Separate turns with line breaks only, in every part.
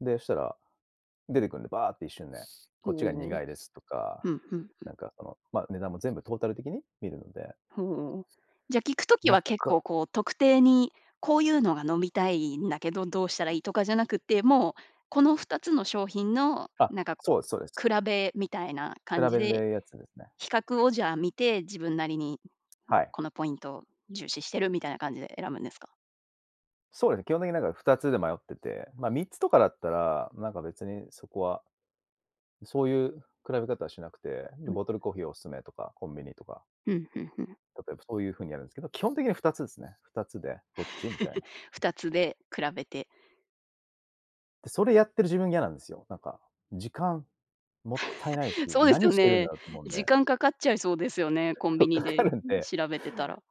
で、したら、出てくんで、バーって一瞬で、
と
こっちが
う。
苦いですとか、
ふんふんふ
な
ん。
んかその、ま、値段も全部トータル的に見るので。
ふうん。じゃ聞くとき
なっ
は結
か
構こう特定に、「こうゆうのが飲みたいんだけど、どうしたらいい？」とかじゃなくって、もう、この2つの商品の、
あ、
なんかこ
そうですそうです。
う、比べみたいな
比
感じ
べる
で
で、やつですね。
比較をじゃあ見て、自分なりに、
はい。
このポイント、重視してるみたいな感じで選ぶんですか？
そうだね、基本的になんか2つで迷ってて、まあ3つとかだったら、なんか別にそこは、そうゆう比べ方しなくて、んで、
うん。
ボトルコーヒーお勧めとか、コンビニとか。
うん、ふんふん。
例えばそういう風にやるんすけど、基本的には2つですね。2つで、どっち？みたいな。
2つで比べて
って、それやってる自分いやなんですよ、なんか、時間もったいないし、
そうです
何
よ
してるんだ
ね。
ろうと思うんで。
時間かかっちゃいそうですよね、コン
か
ビニ
か
で、ん、
るんで
調べてたら。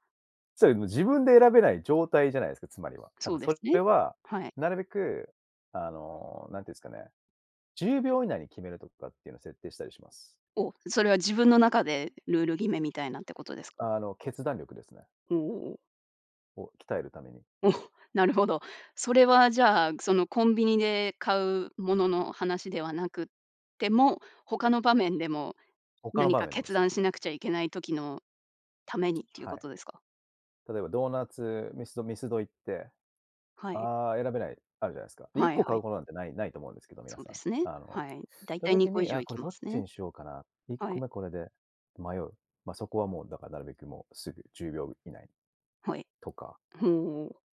それ、も、自分で選べない状態じゃないすか、つまりは。だ
そ
か
うで
そ
すね。
れは、
はい。
なるべくあの、なんて言うんすかね、10秒以内に決めるとかっていうの設定したりします。
お、それは自分の中でルール決めみたいなってことですか？
あの、決断力ですね。
う、おお。
を、鍛えるために。
お、なるほど。それはじゃあ、そのコンビニで買うものの話ではなくっても、他の場面でも
他の
何
場
か
面でも
決
すね。
断しなくちゃいけない時のためにっていう
は
こ
い。
とですか？
例えばドーナツミスドミスド行って、
はい。
「ああ、選べない」、あるじゃないすか。で、いっ
はい
こ
は
買
い。
うこなんてないないと思うんですけど、皆
そう
さ
で
ん。
すね、
あの
はい。大
た
体に
時
こ以
に、「あ
上
あ、
行
こ
き
れ、
ま
どっ
す
ち
ね。
にしようかな？」、いっ
は
こ
い。
めこれで、迷う。ま、そこは、もうだか、なるべくもう、すぐ10秒以内、
はい。
とか。
ふん、お。